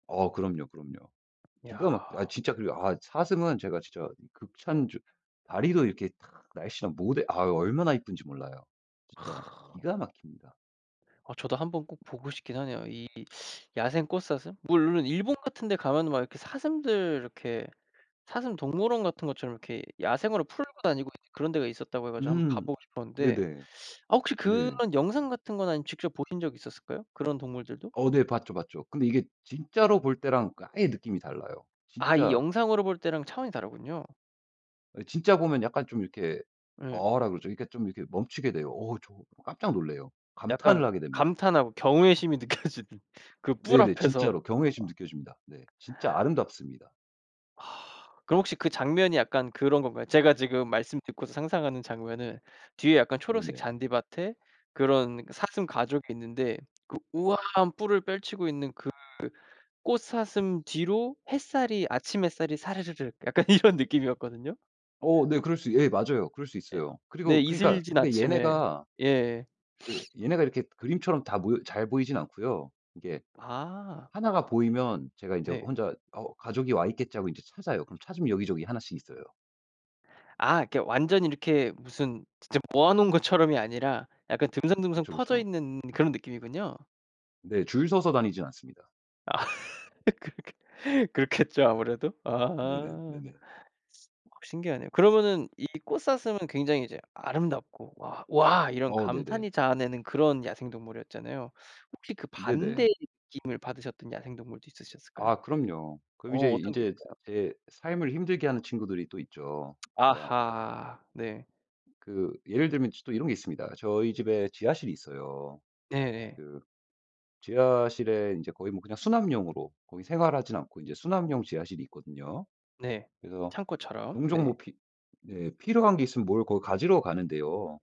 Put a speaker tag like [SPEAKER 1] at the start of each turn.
[SPEAKER 1] 어 그럼요, 그럼요.
[SPEAKER 2] 야.
[SPEAKER 1] 기가 막혀 아이 진짜 그래요. 아이 사슴은 제가 진짜 극찬주 다리도 이렇게 탁 날씬하 모델 아유 얼마나 예쁜지 몰라요. 진짜 기가 막힙니다.
[SPEAKER 2] 아 저도 한번 꼭 보고 싶긴 하네요. 이 야생 꽃사슴? 물론 일본 같은 데 가면 막 이렇게 사슴들 이렇게 사슴 동물원 같은 것처럼 이렇게 야생으로 풀고 다니고 이제 그런 데가 있었다고 해 가지고 한번
[SPEAKER 1] 음.
[SPEAKER 2] 가보고 싶었는데.
[SPEAKER 1] 네네.
[SPEAKER 2] 아 혹시 그런
[SPEAKER 1] 네.
[SPEAKER 2] 영상 같은 거나 아님 직접 보신 적이 있었을까요? 그런 동물들도?
[SPEAKER 1] 어 네. 봤죠, 봤죠. 근데 이게 진짜로 볼 때랑 그 아예 느낌이 달라요.
[SPEAKER 2] 아 이
[SPEAKER 1] 진짜
[SPEAKER 2] 영상으로 볼 때랑 차원이 다르군요.
[SPEAKER 1] 아 이 진짜 보면 약간 좀 이렇게
[SPEAKER 2] 네.
[SPEAKER 1] "어."라 그러죠. 그니까 좀 이렇게 멈추게 돼요. 어 저 깜짝 놀라요. 감탄을
[SPEAKER 2] 약간
[SPEAKER 1] 하게 됩니다.
[SPEAKER 2] 감탄하고 경외심이 느껴지는. 그 뿔
[SPEAKER 1] 네네.
[SPEAKER 2] 앞에서.
[SPEAKER 1] 진짜로 경외심
[SPEAKER 2] 아.
[SPEAKER 1] 느껴집니다. 네. 진짜 아름답습니다.
[SPEAKER 2] 아 그럼 혹시 그 장면이 약간 그런 건가요? 제가 지금 말씀 듣고서 상상하는 장면은 뒤에 약간 초록색
[SPEAKER 1] 네네.
[SPEAKER 2] 잔디밭에 그런 사슴 가족이 있는데 그 우아한 뿔을 펼치고 있는 그 꽃사슴 뒤로 햇살이 아침 햇살이 사르르르 있는데 그 우아한 느낌이었거든요.
[SPEAKER 1] 어 네
[SPEAKER 2] 어.
[SPEAKER 1] 그럴 수 예. 맞아요. 그럴 수
[SPEAKER 2] 예.
[SPEAKER 1] 있어요.
[SPEAKER 2] 네.
[SPEAKER 1] 그리고 그니까
[SPEAKER 2] 이슬진
[SPEAKER 1] 근데
[SPEAKER 2] 아침에.
[SPEAKER 1] 얘네가
[SPEAKER 2] 예.
[SPEAKER 1] 그 얘네가 이렇게 그림처럼 다 모여 잘 보이진 않고요. 이게
[SPEAKER 2] 아.
[SPEAKER 1] 1 가 보이면 제가 인제
[SPEAKER 2] 네.
[SPEAKER 1] 혼자 '어우 가족이 와 있겠지.' 하고 인제 찾아요. 그럼 찾으면 여기저기 1 씩 있어요.
[SPEAKER 2] 아 이렇게 완전 이렇게 무슨 진짜 모아 놓은 것처럼이 아니라 약간 듬성듬성
[SPEAKER 1] 그쵸,
[SPEAKER 2] 퍼져
[SPEAKER 1] 그쵸.
[SPEAKER 2] 있는 그런 느낌이군요.
[SPEAKER 1] 네. 줄 서서 다니진 않습니다.
[SPEAKER 2] 아. 그렇겠 그렇겠죠 아무래도.
[SPEAKER 1] 네네.
[SPEAKER 2] 아.
[SPEAKER 1] 네네.
[SPEAKER 2] 우와. 신기하네요. 그러면은 이 꽃사슴은 굉장히 이제 아름답고 와, 와 이런
[SPEAKER 1] 어우. 네네.
[SPEAKER 2] 감탄이 자아내는 그런 야생동물이었잖아요. 혹시 그 반대의
[SPEAKER 1] 네네.
[SPEAKER 2] 느낌을 받으셨던 야생동물도 있으셨을까요?
[SPEAKER 1] 아 그럼요. 그럼
[SPEAKER 2] 어.
[SPEAKER 1] 이제,
[SPEAKER 2] 어떤 게
[SPEAKER 1] 인제
[SPEAKER 2] 있을까요?
[SPEAKER 1] 제 삶을 힘들게 하는 친구들이 또 있죠. 그니까
[SPEAKER 2] 아하. 네.
[SPEAKER 1] 그 예를 들면 쥐 또 이런 게 있습니다. 저희 집에 지하실이 있어요.
[SPEAKER 2] 네네.
[SPEAKER 1] 그 지하실에 인제 거의 뭐 그냥 수납용으로 거의 생활하진 않고 이제 수납용 지하실이 있거든요.
[SPEAKER 2] 네.
[SPEAKER 1] 그래서
[SPEAKER 2] 창고처럼.
[SPEAKER 1] 종종 뭐
[SPEAKER 2] 네.
[SPEAKER 1] 피 네. 필요한 게 있으면 뭘 거 가지러 가는데요.